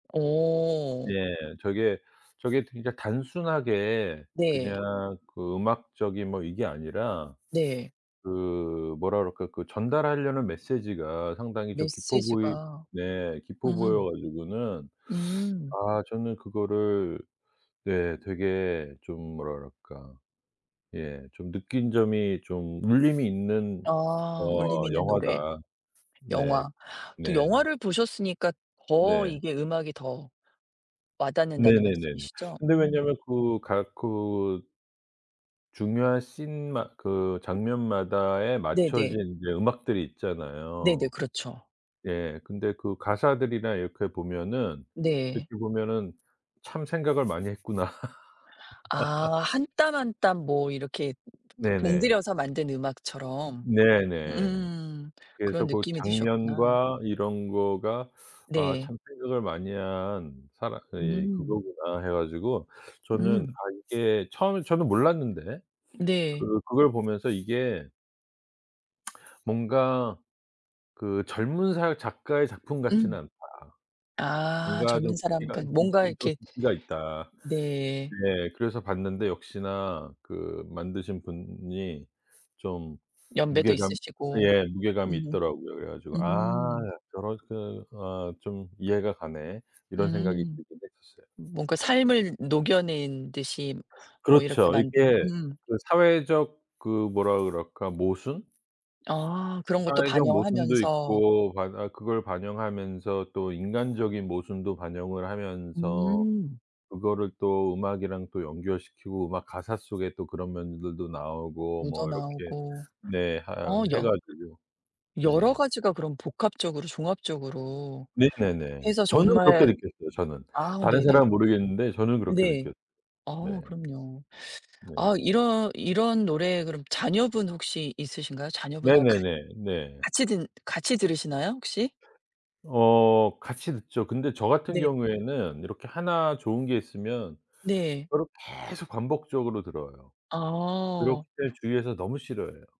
어. 예. 저게, 저게 진짜 단순하게 네. 그냥 그 음악적인 뭐 이게 아니라 네. 그 뭐라 그럴까 그 전달하려는 메시지가 상당히 좀 깊어 보이 메시지가. 네 깊어 보여 음. 가지고는 음. 아 저는 그거를 네. 되게 좀 뭐라 그럴까 예 좀 느낀 점이 좀 울림이 있는 아. 울림이 어 있는 노래. 영화다. 네. 영화. 또 네. 영화를 보셨으니까 더 네. 이게 음악이 더 와닿는다는 네네네네. 말씀이시죠? 근데 음. 왜냐하면 그 가 그 중요한 신 마 그 장면마다에 네네. 맞춰진 이제 음악들이 네네. 있잖아요. 그렇죠. 예. 근데 그 가사들이나 이렇게 보면은 네. 이렇게 보면은 참 생각을 많이 했구나. 아. 1 땀 1 땀 뭐 이렇게 네네. 공들여서 만든 으 음악처럼 네네. 으음. 그래서 그런 '고 느낌이 드셨구나. 장면과 이런 거가 아 네. 참 생각을 많이 한 사람 이 음. 그거구나.' 해 가지고 저는 음. 아 이게 처음에 저는 몰랐는데 네. 그 그걸 보면서 이게 뭔가 '그 젊은 사람 작가의 작품 같지는 응. 않다. 아. 뭔가 좀 젊은 사람 깊이가 그니까 [unintelligible] 뭔가 이렇게 깊이가 있다.' 네. 예. 그래서 봤는데 역시나 그 만드신 분이 좀 연배도 무게감 있으시고. 예 무게감이 음. 있더라고요. 그래 가지고 아 음. 여러 그 어 좀 '이해가 가네.' 이런 생각이 음. 들긴 했었어요. 뭔가 삶을 녹여 낸 듯이 뭐 이렇게 그렇죠. 만든 이게 음. 그 사회적 그 뭐라 그럴까. 모순? 아. 그런 것도 사회적 모순도 반영하면서. 있고 바 아 그걸 반영하면서 또 인간적인 모순도 반영을 하면서 음. 그거를 또 음악이랑 또 연결시키고 음악 가사 속에 또 그런 면들도 나오고 묻어 뭐 이렇게 나오고 네 어. 하여 해 여 가지고. 여러 네. 가지가 그럼 복합적으로 종합적으로 네네네. 해서 저는 그렇게 정말 느꼈어요 저는. 아 다른 사람은 네네. 모르겠는데 저는 그렇게 네. 느꼈 네. 아. 그럼요. 네. 아. 이런 이런 노래 그럼 자녀분 혹시 있으신가요? 자녀분하고 같 네네네. 네. 같이 듣 같이 들으시나요, 혹시? 어. 같이 듣죠. 근데 저 같은 네. 경우에는 이렇게 하나 좋은 게 있으면 네. 그거를 계속 반복적으로 들어요. 그렇기 아. 때문에 주위에서 너무 싫어해요.